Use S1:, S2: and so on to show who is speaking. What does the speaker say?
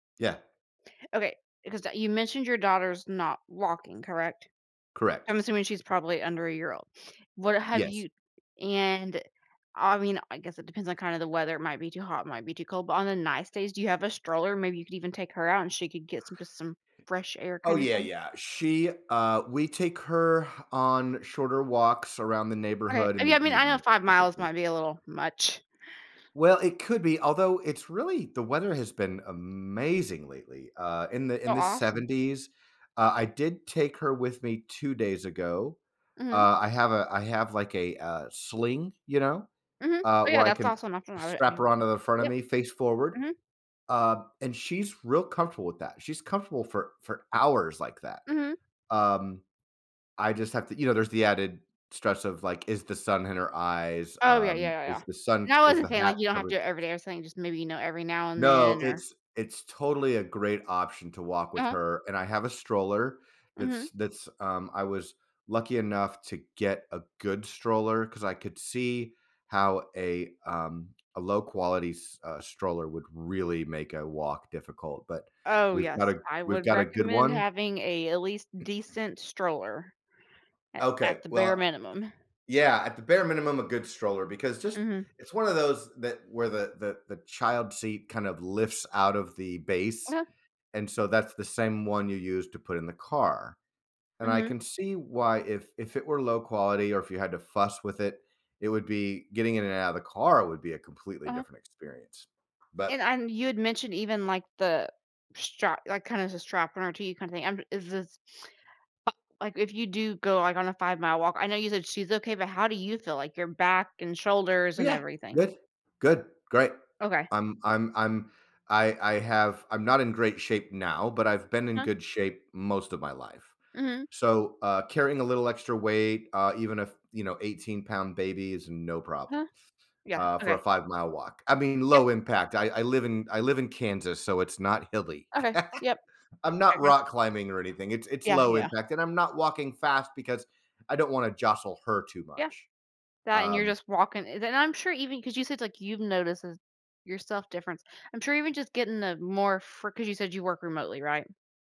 S1: Yeah.
S2: Okay. Because d you mentioned your daughter's not walking, correct?
S1: Correct.
S2: I'm assuming she's probably under a year old. What have
S1: Yes.
S2: you and, I mean, I guess it depends on, kind of, the weather- it might be too hot, it might be too cold- but on the nice days, do you have a stroller? Maybe you could even take her out, and she could get some just some fresh air,
S1: Oh,
S2: kinda
S1: yeah,
S2: thing?
S1: yeah. She, uh we take her on shorter walks around the
S2: Okay.
S1: neighborhood, in
S2: Yeah,
S1: the
S2: I mean, I know
S1: evening,
S2: 5 miles
S1: typically.
S2: might be a little much.
S1: Well, it could be, although it's really the weather has been amazing lately, uh, in the
S2: Oh,
S1: in the
S2: awesome.
S1: 70s. Uh, I did take her with me 2 days ago.
S2: Mhm.
S1: Uh, I have a I have, like, a, uh, sling, you know?
S2: Mhm.
S1: Uh,
S2: Oh,
S1: where
S2: yeah,
S1: I
S2: that's
S1: can
S2: awesome.
S1: strap her
S2: [unintelligible]
S1: onto the front of
S2: Yep.
S1: me, face forward.
S2: Mhm.
S1: Um, and she's real comfortable with that. She's comfortable for for hours like that.
S2: Mhm.
S1: Um, I just have to you know, there's the added stress of, like, is the sun in her eyes,
S2: Oh, yeah,
S1: um,
S2: yeah, yeah, yeah.
S1: is the sun
S2: No, I
S1: is
S2: wasn't
S1: the
S2: saying, like
S1: hat
S2: you don't have to
S1: covering
S2: do it every day or something, just maybe, you know, every now and
S1: No,
S2: then, or
S1: it's it's totally a great option to walk with
S2: Uh-huh.
S1: her, and I have a stroller, that's
S2: Mhm.
S1: that's, um I was lucky enough to get a good stroller, 'cause I could see how a, um, a low quality s uh, stroller would really make a walk difficult, but
S2: Oh,
S1: we've got
S2: yes.
S1: a
S2: I
S1: we've
S2: would
S1: got a good
S2: recommend
S1: one.
S2: having a, at least, decent stroller, at at
S1: Okay,
S2: the bare
S1: well
S2: minimum.
S1: Yeah, at the bare minimum, a good stroller, because just
S2: Mhm.
S1: it's one of those that, where the the the child seat kind of lifts out of the base.
S2: Uh-huh.
S1: And so, that's the same one you use to put in the car. And I
S2: Mhm.
S1: can see why if if it were low quality, or if you had to fuss with it, it would be getting in and out of the car would be a completely
S2: Uh-huh.
S1: different experience. But
S2: And I'm you had mentioned, even, like, the strap like, kinda has a strap, an RT kinda thing. I'm is this a like, if you do go, like, on a five-mile walk I know you said she's okay, but how do you feel? Like, your back, and shoulders,
S1: Oh
S2: and
S1: yeah.
S2: everything.
S1: Good. Good. Great.
S2: Okay.
S1: I'm I'm I'm I I have I'm not in great shape now, but I've been in
S2: Uh-huh.
S1: good shape most of my life.
S2: Mhm.
S1: So, uh, carrying a little extra weight, uh, even if, you know, eighteen-pound baby is no problem.
S2: Uh-huh. Yeah,
S1: Uh, for
S2: okay.
S1: a five-mile walk. I mean,
S2: Yeah.
S1: low impact. I I live in I live in Kansas, so it's not hilly.
S2: Okay. Yep.
S1: I'm not
S2: I guess
S1: rock climbing or anything, it's it's
S2: Yeah,
S1: low
S2: yeah.
S1: impact, and I'm not walking fast, because I don't wanna jostle her too
S2: Yeah.
S1: much.
S2: That, and you're
S1: Um
S2: just walking and then I'm sure, even 'cause you said, like, you've noticed a yourself difference. I'm sure even just getting the more fri 'cause you said you work remotely, right?